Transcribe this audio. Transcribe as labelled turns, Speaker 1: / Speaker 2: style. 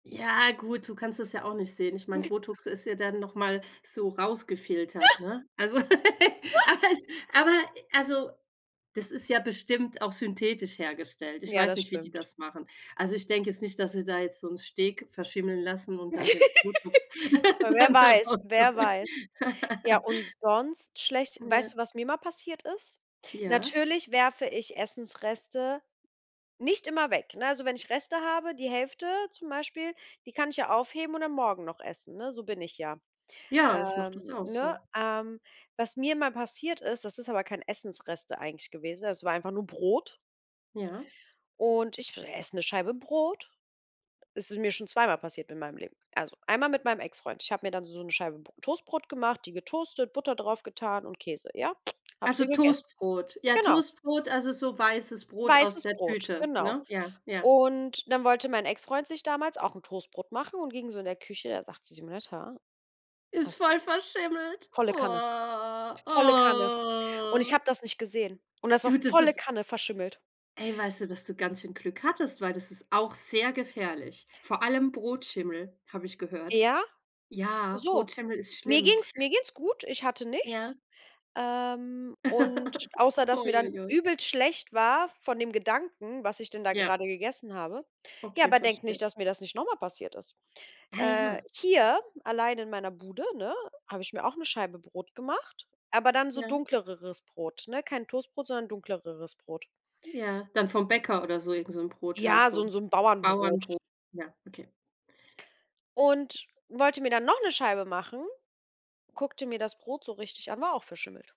Speaker 1: Ja, gut, so kannst das ja auch nicht sehen. Ich meine, Botox ist ja dann noch mal so rausgefiltert, ne? Also, aber es aber also, das ist ja bestimmt auch synthetisch hergestellt. Ich
Speaker 2: Ja,
Speaker 1: weiß
Speaker 2: das
Speaker 1: nicht, wie die
Speaker 2: stimmt.
Speaker 1: das machen. Also ich denke jetzt nicht, dass sie da jetzt so 'n Steak verschimmeln lassen und dann das Botox
Speaker 2: W wer
Speaker 1: dann
Speaker 2: weiß, wer
Speaker 1: herausholen.
Speaker 2: weiß? Ja, und sonst schlecht Weißt
Speaker 1: Ja.
Speaker 2: du, was mir mal passiert ist?
Speaker 1: Ja.
Speaker 2: Natürlich werfe ich Essensreste nicht immer weg, ne? Also, wenn ich Reste habe, die Hälfte zum Beispiel, die kann ich ja aufheben und dann morgen noch essen, ne? So bin ich ja,
Speaker 1: Ja, ich mache das
Speaker 2: ähm,
Speaker 1: auch
Speaker 2: ne?
Speaker 1: so.
Speaker 2: Ähm, was mir mal passiert ist, das ist aber kein Essensreste eigentlich gewesen, das war einfach nur Brot.
Speaker 1: Ja.
Speaker 2: Und ich esse 'ne Scheibe Brot. Es ist mir schon zweimal passiert in meinem Leben. Also, einmal mit meinem Exfreund. Ich habe mir dann so 'ne Scheibe Br Toastbrot gemacht, die getoastet, Butter drauf getan und Käse, ja? Habe
Speaker 1: Also
Speaker 2: sie gegessen
Speaker 1: Toastbrot. Ja,
Speaker 2: Genau.
Speaker 1: Toastbrot, also so weißes Brot aus
Speaker 2: Weißes
Speaker 1: der
Speaker 2: Brot,
Speaker 1: Tüte,
Speaker 2: genau.
Speaker 1: ne? Ja, ja.
Speaker 2: Und dann wollte mein Exfreund sich damals auch 'n Toastbrot machen und ging so in der Küche. Er sagte: „Simonetta
Speaker 1: Ist
Speaker 2: hast du
Speaker 1: voll verschimmelt.
Speaker 2: Volle Kanne,
Speaker 1: Oha.
Speaker 2: volle Kanne. Und ich
Speaker 1: Oh.
Speaker 2: habe das nicht gesehen. Und das war
Speaker 1: Du, das
Speaker 2: volle
Speaker 1: ist
Speaker 2: Kanne verschimmelt.
Speaker 1: Ey, weißt du, dass du ganz schön Glück hattest, weil das ist auch sehr gefährlich. Vor allem Brotschimmel habe ich gehört.
Speaker 2: Ja,
Speaker 1: Ja,
Speaker 2: so.
Speaker 1: Brotschimmel ist
Speaker 2: Mir
Speaker 1: schlimm.
Speaker 2: ging es mir ging es gut. Ich hatte
Speaker 1: Ja.
Speaker 2: nichts. Ähm, und außer, dass
Speaker 1: Oh,
Speaker 2: mir dann
Speaker 1: ui, ui.
Speaker 2: übelst schlecht war von dem Gedanken, was ich denn da
Speaker 1: Ja.
Speaker 2: gerade gegessen habe. Ja,
Speaker 1: Okay,
Speaker 2: aber denk nicht,
Speaker 1: verstehe.
Speaker 2: dass mir das nicht noch mal passiert ist.
Speaker 1: Ah,
Speaker 2: Äh,
Speaker 1: ja.
Speaker 2: hier, allein in meiner Bude, ne, habe ich mir auch 'ne Scheibe Brot gemacht, aber dann so
Speaker 1: Ja.
Speaker 2: dunkleres Brot, ne? Kein Toastbrot, sondern dunkleres Brot.
Speaker 1: Ja, dann vom Bäcker oder so irgend so 'n Brot halt
Speaker 2: Ja, so
Speaker 1: so,
Speaker 2: 'n so 'n Bauernbrot.
Speaker 1: Bauernbrot. Ja, okay.
Speaker 2: Und wollte mir dann noch 'ne Scheibe machen. Guckte mir das Brot so richtig an, war auch verschimmelt.